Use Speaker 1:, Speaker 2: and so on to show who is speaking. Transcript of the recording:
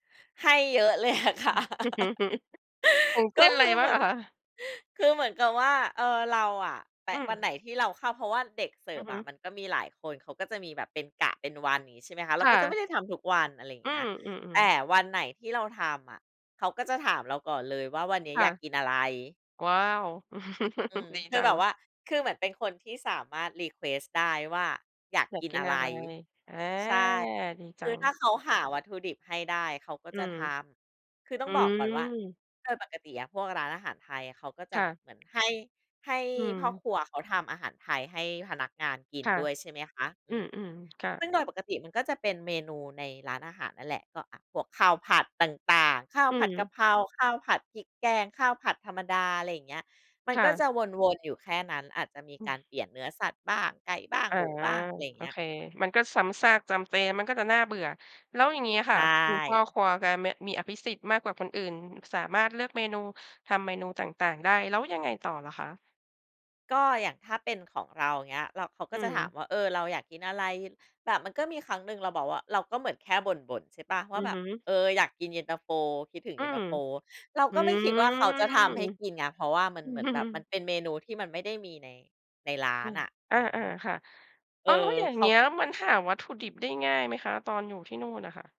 Speaker 1: ให้เยอะเลย อะ
Speaker 2: อ
Speaker 1: ค
Speaker 2: ื
Speaker 1: ่ะ
Speaker 2: อ อย่างเ
Speaker 1: ก
Speaker 2: ช
Speaker 1: ็
Speaker 2: ่นอะ
Speaker 1: ค
Speaker 2: ไร
Speaker 1: ือเ
Speaker 2: บ้
Speaker 1: ห
Speaker 2: า
Speaker 1: ม
Speaker 2: ง
Speaker 1: ือ
Speaker 2: อ
Speaker 1: น
Speaker 2: ะคะ?
Speaker 1: คือเหมือนกับว่า เออ เราอะแป
Speaker 2: อื
Speaker 1: ะ ว
Speaker 2: ม
Speaker 1: ันไหนที่เราเข้า เพราะว่าเด็กเสิ
Speaker 2: อ
Speaker 1: ร
Speaker 2: ื
Speaker 1: ์ฟ
Speaker 2: อฮ
Speaker 1: อ
Speaker 2: ึ
Speaker 1: ะมันก็มีหลายคน เขาก็จะมีแบบเป็นกะเป็นวัน อย่างนี้ใช่ไหมคะ เร
Speaker 2: ค
Speaker 1: า
Speaker 2: ่
Speaker 1: ก็จะไ
Speaker 2: ะ
Speaker 1: ม่ได้ทำทุกวัน อะไรอย่า
Speaker 2: อ
Speaker 1: ง
Speaker 2: ื
Speaker 1: เงี้ย แต
Speaker 2: ม
Speaker 1: ่
Speaker 2: ๆ ๆ
Speaker 1: วันไหนที่เราทำอะ เขาก็จะถามเราก่อนเลยว่า "วันนี้
Speaker 2: ค
Speaker 1: อ
Speaker 2: ่ะ
Speaker 1: ยากกินอะไร?"
Speaker 2: ว้าว
Speaker 1: อืม
Speaker 2: ดี
Speaker 1: คื
Speaker 2: จ
Speaker 1: อ
Speaker 2: ั
Speaker 1: แบบ
Speaker 2: ง
Speaker 1: ว่า คือเหมือนเป็นคนที่สามารถ รีเควสต์ ได้ว่า อยาก
Speaker 2: อยา
Speaker 1: ก
Speaker 2: ก
Speaker 1: ิน
Speaker 2: กิ
Speaker 1: อ
Speaker 2: น
Speaker 1: ะ
Speaker 2: อ
Speaker 1: ไร
Speaker 2: ะไร? อา ดี
Speaker 1: ใช่ ค
Speaker 2: จั
Speaker 1: ือถ้า
Speaker 2: ง
Speaker 1: เขาหาวัตถุดิบให้ได้ เขาก็
Speaker 2: อื
Speaker 1: จะ
Speaker 2: ม
Speaker 1: ทำ คือต้
Speaker 2: อ
Speaker 1: อ
Speaker 2: ื
Speaker 1: งบอกก่อนว่า
Speaker 2: ม
Speaker 1: โดยปกติอะพวกร้านอาหารไทยเขาก็จ
Speaker 2: ค
Speaker 1: ะ
Speaker 2: ่
Speaker 1: แบ
Speaker 2: ะ
Speaker 1: บเหมือนให้ ให้
Speaker 2: อื
Speaker 1: พ่อ
Speaker 2: ม
Speaker 1: ครัวเขาทำอาหารไทยให้พนักงานกิน
Speaker 2: ค่ะ
Speaker 1: ด้วย ใช่ไหมคะ อ
Speaker 2: อ
Speaker 1: ื
Speaker 2: ื
Speaker 1: อ
Speaker 2: ม ๆ ค่
Speaker 1: ซ
Speaker 2: ะ
Speaker 1: ึ่งโดยปกติมันก็จะเป็นเมนูในร้านอาหารนั่นแหละ ก็ อา พวกข้าวผัดต่าง ๆ ข้าว
Speaker 2: อื
Speaker 1: ผัดก
Speaker 2: ม
Speaker 1: ะเพรา ข้าวผัดพริกแกง ข้าวผัดธรรมดา อะไรอย่างเงี้ย มัน
Speaker 2: ค่
Speaker 1: ก็จ
Speaker 2: ะ
Speaker 1: ะวน ๆ อยู่แค่นั้น อาจจะมี
Speaker 2: อื
Speaker 1: การ
Speaker 2: ม
Speaker 1: เปลี่ยนเนื้อสัตว์บ้าง ไก่บ้าง
Speaker 2: อา
Speaker 1: หมูบ้าง อะไรอย่าง
Speaker 2: โอ
Speaker 1: เงี้ย
Speaker 2: เค มันก็ซ้ำซากจำเจ มันก็จะน่าเบื่อ แล้วอย่างงี้อะ
Speaker 1: ใช
Speaker 2: ค่ะ คุณพ่อ
Speaker 1: ่
Speaker 2: ครัวแกมี มีอภิสิทธิ์มากกว่าคนอื่น สามารถเลือกเมนู ทำเมนูต่าง ๆ ได้ แล้วยังไงต่อเหรอคะ?
Speaker 1: ก็อย่างถ้าเป็นของเรา อย่างเงี้ย เรา เขาก
Speaker 2: อื
Speaker 1: ็จะถาม
Speaker 2: ม
Speaker 1: ว่า "เออ เราอยากกินอะไร?" แบบมันก็มีครั้งหนึ่งเราบอกว่า เราก็เหมือนแค่บ่น ๆ ใช่เปล่า ว
Speaker 2: อ
Speaker 1: ่
Speaker 2: ื
Speaker 1: า
Speaker 2: อ
Speaker 1: แบ
Speaker 2: ฮ
Speaker 1: บ
Speaker 2: ึ
Speaker 1: "เออ อยากกินเย็นตาโฟ คิดถึง
Speaker 2: อ
Speaker 1: เ
Speaker 2: ื
Speaker 1: ย็นต
Speaker 2: ม
Speaker 1: าโฟ" เรา
Speaker 2: อื
Speaker 1: ก็ไม่
Speaker 2: ม
Speaker 1: คิดว่าเขาจะทำให้กินไง เพราะว่ามัน
Speaker 2: อื
Speaker 1: เหมือนแบบมั
Speaker 2: ม
Speaker 1: นเป็นเมนูที่มันไม่ได้มีใน ในร้า
Speaker 2: น
Speaker 1: นอะ อ
Speaker 2: อ
Speaker 1: ื
Speaker 2: า
Speaker 1: อ
Speaker 2: ๆ ค่ะ
Speaker 1: เ
Speaker 2: อ๋
Speaker 1: อ
Speaker 2: อ แล้
Speaker 1: อ
Speaker 2: วอย่าง
Speaker 1: เข
Speaker 2: เง
Speaker 1: า
Speaker 2: ี้ยมันหาวัตถุดิบได้ง่ายไหมคะ ตอนอยู่ที่นู่นอะค่ะ?